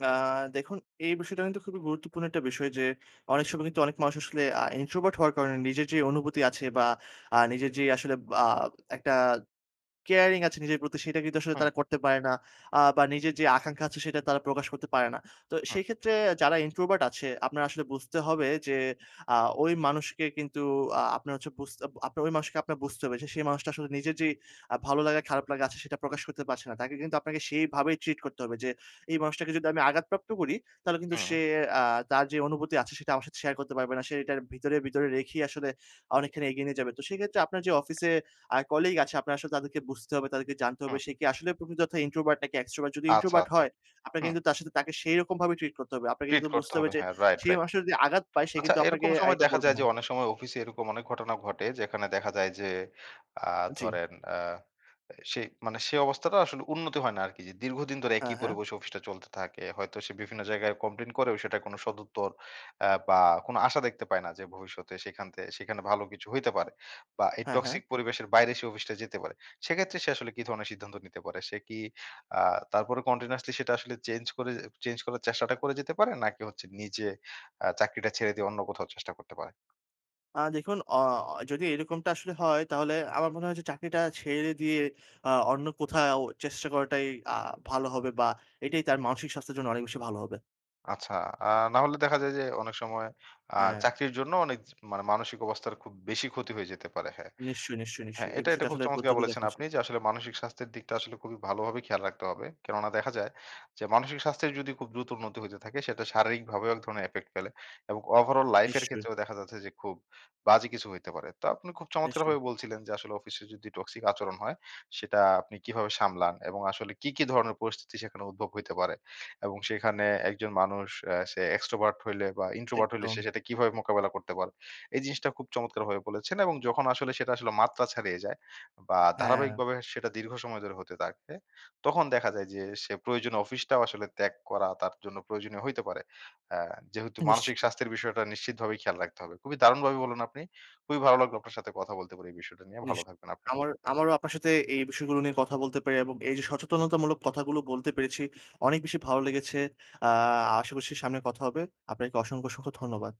আ দেখুন, এই বিষয়টা কিন্তু খুবই গুরুত্বপূর্ণ একটা বিষয় যে, অনেক সময় কিন্তু অনেক মানুষ আসলে অ্যা introvert হওয়ার কারণে নিজের যে, অনুভূতি আছে বা আ নিজের যে, আসলে বা একটা কেয়ারিং আছে নিজের প্রতি সেটা কিন্তু আসলে উহু। তারা করতে পারে না। আ বা নিজের যে, আকাঙ্খা আছে সেটা তারা প্রকাশ করতে পারে না। তো হুম। সেই ক্ষেত্রে যারা introvert আছে আপনার আসলে বুঝতে হবে যে, আ ঐ মানুষকে কিন্তু আ আপনার হচ্ছে বুঝতে আপ আপনার ঐ মানুষকে আপনার বুঝতে হবে যে, সেই মানুষটা আসলে নিজের যে, আ ভালো লাগা খারাপ লাগা আছে সেটা প্রকাশ করতে পারছে না। তাকে কিন্তু আপনাকে সেইভাবেই ট্রিট করতে হবে, যে, এই মানুষটাকে যদি আমি আঘাতপ্রাপ্ত করি তাহলে কিন্তু সে হুম। অ্যা তার যে, অনুভূতি আছে সেটা আমার সাথে শেয়ার করতে পারবে না। সে এটার ভিতরে, ভিতরে রেখেই আসলে অনেকখানি এগিয়ে নিয়ে যাবে। তো সেক্ষেত্রে আপনার যে, অফিসে আ কলিগ আছে আপনার আসলে তাদেরকে বুঝতে হবে, তাদেরকে জানতে হবে হুম। সে কি আসলে প্রকৃত অর্থ introvert নাকি extrovert যদি আচ্ছা, introvert আচ্ছা। হয় আপনাকে হুম। কিন্তু তার সাথে তাকে সেইরকম ভাবে ট্রিট করতে হবে। আপনাকে ট্রিট কিন্তু করতে বুঝতে হবে হবে। যে, হ্যাঁ, রাইট, সে রাইট। মানুষ যদি আঘাত পায় সে আচ্ছা কিন্তু আপনাকে এরকম সময় এটা দেখা বলবে যায় যে, না। অনেক সময় অফিসে এরকম অনেক ঘটনা ঘটে যেখানে দেখা যায় যে, আ জি। ধরেন আ সে মানে সে অবস্থাটা আসলে উন্নতি হয় না আরকি যে, দীর্ঘদিন ধরে হ্যাঁ, একই হ্যাঁ। পরিবেশে অফিসটা চলতে থাকে। হয়তো সে বিভিন্ন জায়গায় কমপ্লেইন করেও সে কোন সদুত্তর অ্যা বা কোন আশা দেখতে পায় না। যে, ভবিষ্যতে সেখান তে সেখানে ভালো কিছু হইতে পারে। বা এই হ্যাঁ, হ্যাঁ। টক্সিক পরিবেশের বাইরে সে অফিসটা যেতে পারে। সেক্ষেত্রে সে আসলে কি ধরনের সিদ্ধান্ত নিতে পারে? সে কি আ তারপরে continuously সেটা আসলে চেঞ্জ করে, চেঞ্জ করার চেষ্টাটা করে যেতে পারে নাকি হচ্ছে নিজে আ চাকরিটা ছেড়ে দিয়ে অন্য কোথাও চেষ্টা করতে পারে? আ দেখুন অ যদি এরকমটা আসলে হয় তাহলে আমার মনে হয় যে, চাকরিটা ছেড়ে দিয়ে অ অন্য কোথাও চেষ্টা করাটাই আ ভালো হবে বা এটাই তার মানসিক স্বাস্থ্যের জন্য অনেক বেশি ভালো হবে। আচ্ছা। আ না হলে দেখা যায় যে, অনেক সময়, আ হ্যাঁ। চাকরির জন্য অনেক জি, মানে মানসিক অবস্থার খুব বেশি ক্ষতি হয়ে যেতে পারে। হ্যাঁ, নিশ্চয়ই, নিশ্চয়ই, হ্যাঁ, নিশ্চয়ই এই এটা, এটা বিষয়ে খুব আসলে গুরুত্ব চমৎকার দিয়ে বলেছেন, দেখা উচিত। আপনি যে, আসলে মানসিক স্বাস্থ্যের দিকটা আসলে খুবই ভালোভাবে খেয়াল রাখতে হবে। কেননা দেখা যায়, যে, মানসিক স্বাস্থ্যের যদি খুব দ্রুত উন্নতি হইতে থাকে সেটা শারীরিকভাবেও এক ধরনের effect ফেলে। এবং overall life এর নিশ্চয়ই। ক্ষেত্রেও দেখা যাচ্ছে যে, খুব বাজে কিছু হইতে পারে। তো আপনি খুব নিশ্চয়ই। চমৎকারভাবে বলছিলেন, যে, আসলে অফিসে যদি টক্সিক আচরণ হয় সেটা আপনি কিভাবে সামলান এবং আসলে কি, কি ধরনের পরিস্থিতি সেখানে উদ্ভব হইতে পারে। এবং সেখানে একজন মানুষ অ্যা সে extrovert হইলে বা introvert হইলে সে একদম। সেটা কিভাবে মোকাবেলা করতে পারে। এই জিনিসটা খুব চমৎকার ভাবে বলেছেন। এবং যখন আসলে সেটা আসলে মাত্রা ছাড়িয়ে যায় বা হ্যাঁ। ধারাবাহিকভাবে সেটা দীর্ঘ সময় ধরে হতে থাকে তখন দেখা যায় যে, সে প্রয়োজনীয় অফিসটাও আসলে ত্যাগ করা তার জন্য প্রয়োজনীয় হইতে পারে। অ্যা যেহেতু আ মানসিক নিশ্চিত। স্বাস্থ্যের বিষয়টা নিশ্চিত ভাবেই খেয়াল রাখতে হবে। খুবই দারুণভাবে বলুন আপনি। খুবই ভালো লাগলো আপনার সাথে কথা বলতে পেরে এই বিষয়টা নিয়ে নিশ ভালো থাকবেন আপনি। আমার, আমারও আপনার সাথে এই বিষয়গুলো নিয়ে কথা বলতে পেরে এবং এই যে, সচেতনতামূলক কথাগুলো বলতে পেরেছি, অনেক বেশি ভালো লেগেছে। আ আশা করছি সামনে কথা হবে। আপনাকে অসংখ্য, অসংখ্য ধন্যবাদ।